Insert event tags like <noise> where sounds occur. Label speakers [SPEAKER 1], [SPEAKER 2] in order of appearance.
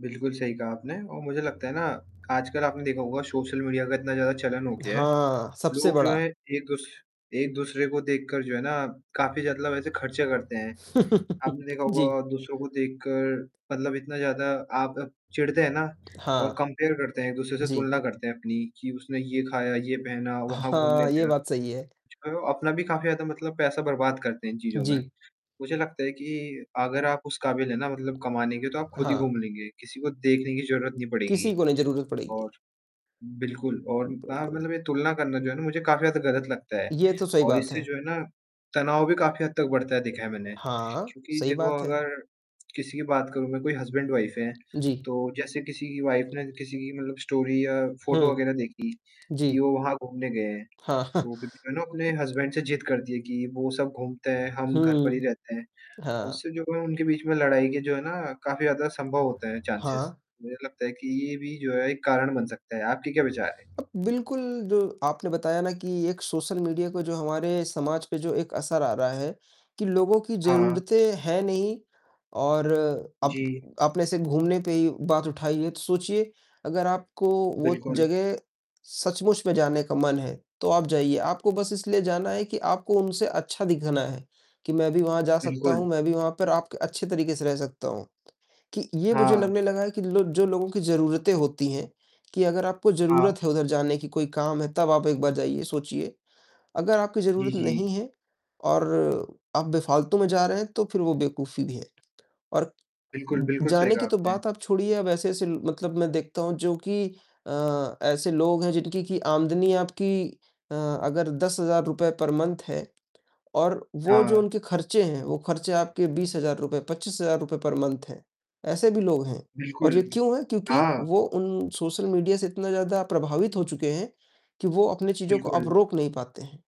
[SPEAKER 1] बिल्कुल सही कहा आपने और मुझे लगता है ना, आजकल आपने देखा होगा सोशल मीडिया का इतना ज़्यादा चलन हो गया है,
[SPEAKER 2] हाँ, सबसे
[SPEAKER 1] लोग जो है
[SPEAKER 2] बड़ा।
[SPEAKER 1] एक-दूस एक-दूसरे को देख कर जो है ना, काफ़ी ज़्यादा लब ऐसे ख़र्चे करते हैं।
[SPEAKER 2] <chuckles>
[SPEAKER 1] आपने देखा
[SPEAKER 2] जी।
[SPEAKER 1] होगा दूसरों को देख कर मतलब इतना ज़्यादा आप चिढ़ते हैं ना
[SPEAKER 2] हाँ।
[SPEAKER 1] और कंपेयर करते हैं, एक-दूसरे से
[SPEAKER 2] जी।
[SPEAKER 1] तुलना करते हैं अपनी की उसने ये ख़ाया, ये पहना, वहाँ घूमने
[SPEAKER 2] हाँ, ये
[SPEAKER 1] गया।
[SPEAKER 2] बात सही है।
[SPEAKER 1] कुछ करो अपना भी काफ़ी ज़्यादा मतलब पैसा बर्बाद करते हैं इन चीज़ों में,
[SPEAKER 2] जी।
[SPEAKER 1] मुझे लगता है कि अगर आप उस काबिल है ना, मतलब कमाने के तो आप ख़ुद ही
[SPEAKER 2] हाँ।
[SPEAKER 1] घूम लेंगे, किसी को देखने की ज़रूरत नहीं
[SPEAKER 2] किसी
[SPEAKER 1] पड़ेगी।
[SPEAKER 2] को नहीं ज़रूरत
[SPEAKER 1] और
[SPEAKER 2] पड़ेगी।
[SPEAKER 1] बिल्कुल और हाँ,
[SPEAKER 2] बिल्कुल।
[SPEAKER 1] मतलब ये तुलना करना जो है ना मुझे काफ़ी ज़्यादा ग़लत लगता है,
[SPEAKER 2] ये तो सही
[SPEAKER 1] और
[SPEAKER 2] बात
[SPEAKER 1] इससे
[SPEAKER 2] है।
[SPEAKER 1] जो है ना, तनाव भी काफ़ी हद तक बढ़ता है देखा है मैंने।
[SPEAKER 2] हाँ,
[SPEAKER 1] क्योंकि
[SPEAKER 2] सही
[SPEAKER 1] देखो
[SPEAKER 2] बात है।
[SPEAKER 1] अगर किसी की बात करूँ मैं कोई हसबैंड, वाइफ़ है,
[SPEAKER 2] जी।
[SPEAKER 1] तो जैसे किसी की वाइफ़ ने किसी की मतलब स्टोरी या फोटो
[SPEAKER 2] हुँ।
[SPEAKER 1] वग़ैरह देखी, कि
[SPEAKER 2] जी।
[SPEAKER 1] वो वहाँ घूमने गए हैं।
[SPEAKER 2] हाँ।
[SPEAKER 1] तो फ़िर वो है ना अपने
[SPEAKER 2] <chuckles>
[SPEAKER 1] हसबैंड से जिद करती है कि वो सब घूमते हैं, हम घर पर ही
[SPEAKER 2] हुँ।
[SPEAKER 1] रहते हैं,
[SPEAKER 2] हाँ।
[SPEAKER 1] उससे जो है उनके बीच में लड़ाई के जो है ना काफ़ी ज़्यादा संभव होते हैं चांसेस,
[SPEAKER 2] हाँ।
[SPEAKER 1] मुझे लगता है कि ये भी जो है एक कारण बन सकता है, आपके क्या विचार है?
[SPEAKER 2] अब बिल्कुल जो आपने बताया ना कि एक सोशल मीडिया को जो हमारे समाज पे जो एक असर आ रहा है, कि लोगों की
[SPEAKER 1] हाँ।
[SPEAKER 2] ज़रूरतें हैं नहीं, और अप
[SPEAKER 1] जी।
[SPEAKER 2] आपने ऐसे घूमने पे ही बात उठाई है, तो सोचिए, अगर आपको वो
[SPEAKER 1] बिल्कुल।
[SPEAKER 2] जगह सचमुच में जाने का मन है, तो आप जाइए, आपको बस इसलिए जाना है कि आपको उनसे अच्छा दिखना है, कि मैं भी वहाँ जा सकता
[SPEAKER 1] बिल्कुल।
[SPEAKER 2] हूँ, मैं भी वहाँ पर आप क अच्छे तरीक़े से रह सकता हूँ, कि ये मुझे
[SPEAKER 1] हाँ।
[SPEAKER 2] लगने लगा है कि लो जो लोगों की ज़रूरतें होती हैं, कि अगर आपको
[SPEAKER 1] हाँ।
[SPEAKER 2] ज़रूरत है उधर जाने की, कोई काम है, तब आप एक बार जाइए, सोचिए। अगर आपकी
[SPEAKER 1] जी,
[SPEAKER 2] ज़रूरत नहीं
[SPEAKER 1] जी।
[SPEAKER 2] है और आप बेफ़ालतू में जा रहे हैं, तो फ़िर वो बेवकूफी भी है और
[SPEAKER 1] बिल्कुल,
[SPEAKER 2] उ
[SPEAKER 1] बिल्कुल सही
[SPEAKER 2] जाने
[SPEAKER 1] कहा
[SPEAKER 2] की तो
[SPEAKER 1] आपने।
[SPEAKER 2] बात आप छोड़िए अब ऐसे-ऐसे ल मतलब मैं देखता हूँ, जो कि अ, ऐसे लोग हैं जिनकी कि आमदनी आपकी अ, अगर ₹10,000 पर मंथ है और वो जो
[SPEAKER 1] हाँ।
[SPEAKER 2] उनके ख़र्चे हैं, वो ख़र्चे आपके ₹20,000, ₹25,000 पर मंथ है। ऐसे भी लोग हैं और
[SPEAKER 1] बिल्कुल,
[SPEAKER 2] ये क्यों है, क्योंकि
[SPEAKER 1] हाँ।
[SPEAKER 2] वो उन सोशल मीडिया से इतना ज़्यादा प्रभावित हो चुके हैं, कि वो अपनी चीज़ों को अब
[SPEAKER 1] बिल्कुल।
[SPEAKER 2] रोक नहीं पाते हैं।